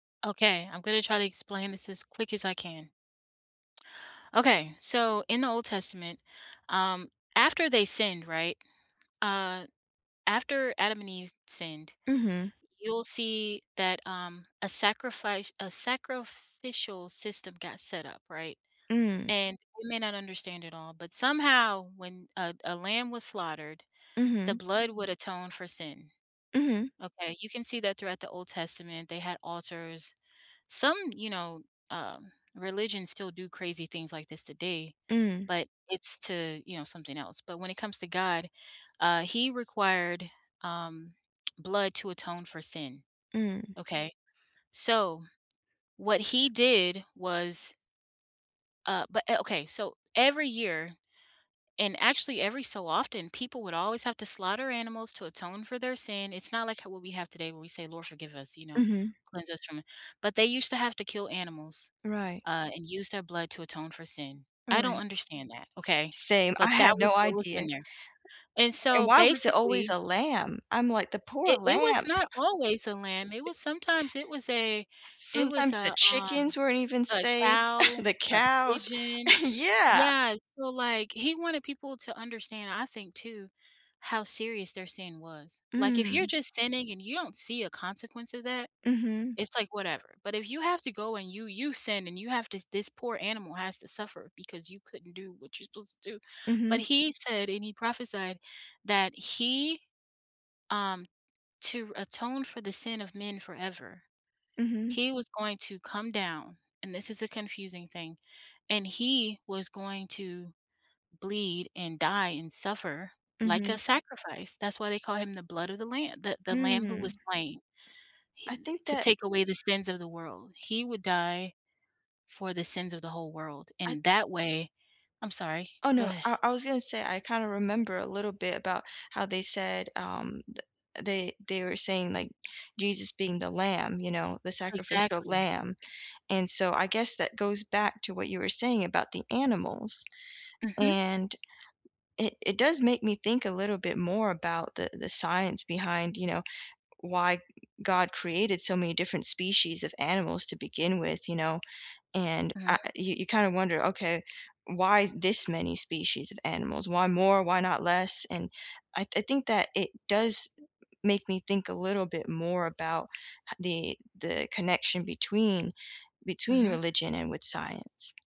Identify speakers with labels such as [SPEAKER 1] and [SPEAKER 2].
[SPEAKER 1] Okay, I'm gonna try to explain this as quick as I can. Okay, so, in the Old Testament, um, after they sinned, right? Uh, after Adam and Eve sinned,
[SPEAKER 2] Mhm.
[SPEAKER 1] you'll see that, um, a sacrifice a sacrificial system got set up, right?
[SPEAKER 2] Mm.
[SPEAKER 1] And, you may not understand it all, but somehow when a a lamb was slaughtered, the
[SPEAKER 2] Mhm.
[SPEAKER 1] blood would atone for sin,
[SPEAKER 2] Mhm.
[SPEAKER 1] okay, you can see that throughout the Old Testament, they had altars, some, you know, uh, religions still do crazy things like this today,
[SPEAKER 2] Mm.
[SPEAKER 1] but it's to you know, something else, but when it comes to god, uh, he required, um, blood to atone for sin.
[SPEAKER 2] Mm.
[SPEAKER 1] Okay, so, what he did was uh, but o okay, so, every year, and actually every so often, people would always have to slaughter animals to atone for their sin, it's not like how what we have today where we say, "Lord, forgive us, you know,
[SPEAKER 2] Mhm.
[SPEAKER 1] cleanse us from it," but they used to have to kill animals,
[SPEAKER 2] Right.
[SPEAKER 1] uh, and use their blood to atone for sin. I don't
[SPEAKER 2] Right.
[SPEAKER 1] understand that, okay?
[SPEAKER 2] Same.
[SPEAKER 1] B
[SPEAKER 2] I
[SPEAKER 1] ut that
[SPEAKER 2] had
[SPEAKER 1] was
[SPEAKER 2] no
[SPEAKER 1] what was
[SPEAKER 2] idea.
[SPEAKER 1] in there. And,
[SPEAKER 2] And
[SPEAKER 1] so,
[SPEAKER 2] why was it always
[SPEAKER 1] basically
[SPEAKER 2] a lamb? I'm like, "The poor
[SPEAKER 1] It it was
[SPEAKER 2] lambs."
[SPEAKER 1] not always a lamb, it was sometimes it was a it was
[SPEAKER 2] Sometimes the
[SPEAKER 1] a, um
[SPEAKER 2] chickens weren't even
[SPEAKER 1] a
[SPEAKER 2] safe.
[SPEAKER 1] cow,
[SPEAKER 2] The
[SPEAKER 1] a
[SPEAKER 2] cows.
[SPEAKER 1] pigeon,
[SPEAKER 2] Yeah.
[SPEAKER 1] yeah, so, like, he wanted people to understand, I think too, how serious their sin was, like, if you're
[SPEAKER 2] Mm.
[SPEAKER 1] just sinning and you don't see a consequence of that,
[SPEAKER 2] Mhm.
[SPEAKER 1] it's like, "Whatever." But if you have to go and you you sin and you have to this poor animal has to suffer because you couldn't do what you're supposed to do, but
[SPEAKER 2] Mhm.
[SPEAKER 1] he said, and he prophesied that he, um to atone for the sin of men forever,
[SPEAKER 2] Mhm.
[SPEAKER 1] he was going to come down, and this is a confusing thing, and he was going to bleed and die and suffer like a
[SPEAKER 2] Mhm.
[SPEAKER 1] sacrifice, that's why they call him the blood of the lamb the the lamb who was
[SPEAKER 2] Mm.
[SPEAKER 1] slain, he
[SPEAKER 2] I
[SPEAKER 1] d
[SPEAKER 2] think
[SPEAKER 1] to
[SPEAKER 2] that
[SPEAKER 1] take away the sins of the world, he would die for the sins of the whole world,
[SPEAKER 2] I
[SPEAKER 1] in that way I'm sorry,
[SPEAKER 2] Oh,
[SPEAKER 1] go
[SPEAKER 2] no,
[SPEAKER 1] ahea
[SPEAKER 2] I I was gonna say I kinda remember a little bit about how they said, um, th they they were saying, like, Jesus being the lamb, you know, the sacrificial
[SPEAKER 1] Exactly.
[SPEAKER 2] lamb, and so I guess that goes back to what you were saying about the animals,
[SPEAKER 1] Mhm.
[SPEAKER 2] and i it does make me think a little bit more about the the science behind, you know, why god created so many different species of animals to begin with, you know, and
[SPEAKER 1] Mhm.
[SPEAKER 2] I you you kind of wonder, "Okay, why this many species of animals, why more, why not less," and I I think that it does make me think a little bit more about h the the connection between between
[SPEAKER 1] Mhm.
[SPEAKER 2] religion and with science.